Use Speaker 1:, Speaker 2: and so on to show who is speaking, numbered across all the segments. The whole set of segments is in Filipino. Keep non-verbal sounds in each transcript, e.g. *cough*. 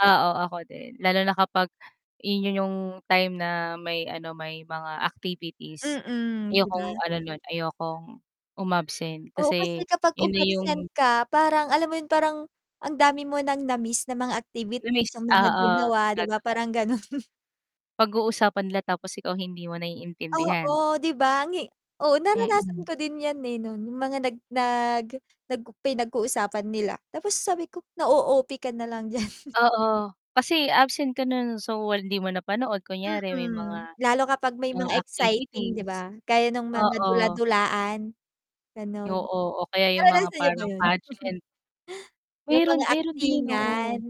Speaker 1: Oo ako din, lalo na kapag in 'yun yung time na may ano, may mga activities.
Speaker 2: Mm. 'Di
Speaker 1: Ayokong
Speaker 2: ba?
Speaker 1: ano nu'n, ayokong um-absent
Speaker 2: Oo. Kasi
Speaker 1: kasi
Speaker 2: kapag
Speaker 1: 'yun na yung
Speaker 2: um-absent ka parang alam mo 'yun? Parang, ang dami mo ng na-miss na mga activities
Speaker 1: na-miss,
Speaker 2: yung mga
Speaker 1: oo,
Speaker 2: ginawa. 'Di ba
Speaker 1: totoo.
Speaker 2: parang ganun.
Speaker 1: Pag-uusapan nila, tapos ikaw hindi mo naiintindihan.
Speaker 2: Oo 'di ba? Ang hi oo naranasan
Speaker 1: Mm.
Speaker 2: ko din 'yan eh, nu'n, yung mga nag nag nag pinag-uusapan nila. Tapos sabi ko, "Na o-OP ka na lang diyan."
Speaker 1: Oo, kasi absent ka nu'n, so hindi mo napanood kunyari may mga,
Speaker 2: Mm. Lalo kapag may
Speaker 1: ah,
Speaker 2: mga exciting 'di
Speaker 1: activities,
Speaker 2: ba? Gaya nung mga
Speaker 1: oo.
Speaker 2: dula-dulaan gano'n.
Speaker 1: Oo, o kaya yung mga
Speaker 2: Naranasan niyo ba
Speaker 1: parang
Speaker 2: 'yun?
Speaker 1: pageant.
Speaker 2: Yung
Speaker 1: Meron
Speaker 2: mga
Speaker 1: meron din,
Speaker 2: aktingan,
Speaker 1: oo.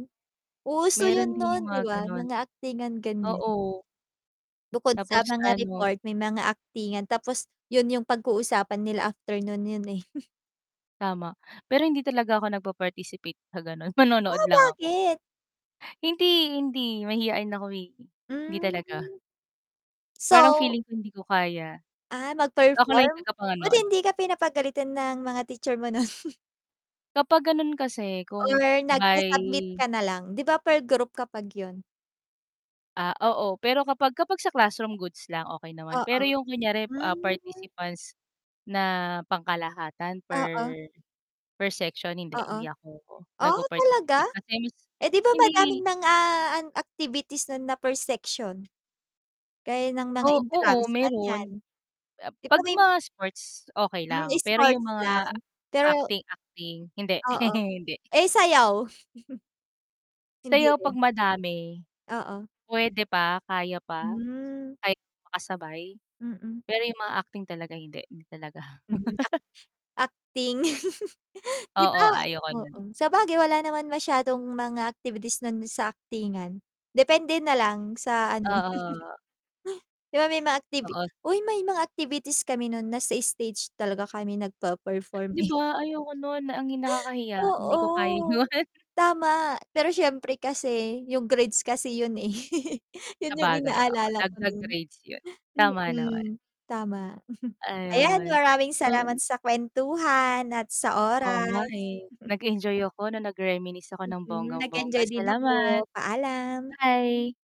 Speaker 2: uso
Speaker 1: Meron
Speaker 2: yun
Speaker 1: din yung
Speaker 2: noon 'di
Speaker 1: mga
Speaker 2: ba?
Speaker 1: gano'n.
Speaker 2: Mga aktingan ganyan.
Speaker 1: Oo.
Speaker 2: Bukod sa
Speaker 1: Tapos
Speaker 2: mga
Speaker 1: ano
Speaker 2: report, may mga aktingan. Tapos 'yun yung pag-uusapan nila after nu'n 'yun eh. *chuckles*
Speaker 1: Tama, pero hindi talaga ako nagpaparticipate sa ganu'n manonood
Speaker 2: Oh,
Speaker 1: lang ako.
Speaker 2: bakit?
Speaker 1: Hindi, hindi, mahiyain ako eh, hindi
Speaker 2: Hmm,
Speaker 1: talaga. Parang
Speaker 2: so?
Speaker 1: feeling ko hindi ko kaya.
Speaker 2: Ah,
Speaker 1: Ako lang
Speaker 2: mag-perform?
Speaker 1: yung
Speaker 2: Buti
Speaker 1: taga-panood.
Speaker 2: 'di ka pinapagalitan ng mga teacher mo nu'n? *chuckles*
Speaker 1: Kapag ganu'n kasi
Speaker 2: Or
Speaker 1: kung by
Speaker 2: nagsa-submit ka nalang? 'Di ba per group kapag 'yun?
Speaker 1: Ah, oo, pero kapag kapag sa classroom goods lang, okey naman.
Speaker 2: Oo,
Speaker 1: Pero yung kunyari, ah,
Speaker 2: hmm.
Speaker 1: participants na pangkalahatan per
Speaker 2: Oo.
Speaker 1: per section? Hindi
Speaker 2: Oo,
Speaker 1: hindi ako
Speaker 2: oh talaga?
Speaker 1: nagpa-participate. Kasi mas
Speaker 2: Eh 'di ba
Speaker 1: hindi
Speaker 2: madaming mga activities nu'n na per section? Gaya ng
Speaker 1: O
Speaker 2: mga
Speaker 1: oo
Speaker 2: intrams,
Speaker 1: meron
Speaker 2: ganiyan. 'Di ba
Speaker 1: 'pag
Speaker 2: may
Speaker 1: mga sports okey
Speaker 2: Hmm,
Speaker 1: lang, pero yung
Speaker 2: sports lang?
Speaker 1: mga
Speaker 2: Pero
Speaker 1: acting-acting? Hindi
Speaker 2: Oo.
Speaker 1: *chuckles* hindi.
Speaker 2: Eh sayaw? *chuckles* Hindi
Speaker 1: Sayaw
Speaker 2: rin?
Speaker 1: 'pag madami.
Speaker 2: Oo.
Speaker 1: Pwede pa, kaya pa
Speaker 2: Hmm.
Speaker 1: kaya pa, *unintelligible* makasabay.
Speaker 2: Mm.
Speaker 1: Pero yung mga acting talaga, hindi. Hindi talaga.
Speaker 2: Hmm, act
Speaker 1: *laughs*
Speaker 2: acting. *laughs* 'Di
Speaker 1: Oo,
Speaker 2: ba?
Speaker 1: ayoko
Speaker 2: Oo,
Speaker 1: nu'n.
Speaker 2: sabagay wala naman masyadong mga activities nun sa aktingan, depende na lang sa ano.
Speaker 1: Oo.
Speaker 2: *chuckles* 'Di ba may mga activi
Speaker 1: Oo.
Speaker 2: Uy, may mga activities kami nu'n nasa stage talaga kami nagpa-perform
Speaker 1: 'Di
Speaker 2: eh.
Speaker 1: ba? Ayoko nu'n na ang yung nakakahiya
Speaker 2: *chuckles*
Speaker 1: hindi ko kaya
Speaker 2: Oo,
Speaker 1: 'yon.
Speaker 2: tama. Pero siyempre kasi yung grades *chuckles* kasi yun, eh, yun yung
Speaker 1: Sabagay, oo,
Speaker 2: inaalala ko
Speaker 1: dagdag
Speaker 2: nu'n.
Speaker 1: grades 'yun
Speaker 2: Mm.
Speaker 1: tama naman.
Speaker 2: *chuckles* tama. Ayan
Speaker 1: Ayun,
Speaker 2: maraming salamat
Speaker 1: um.
Speaker 2: sa kwentuhan at sa
Speaker 1: Oo nga
Speaker 2: oras.
Speaker 1: eh,
Speaker 2: *chuckles*
Speaker 1: nag-enjoy ako nung nag reminisce ako ng
Speaker 2: Mm,
Speaker 1: bonggang-bongga.
Speaker 2: nag-enjoy din
Speaker 1: Salamat.
Speaker 2: ako. Paalam.
Speaker 1: Bye!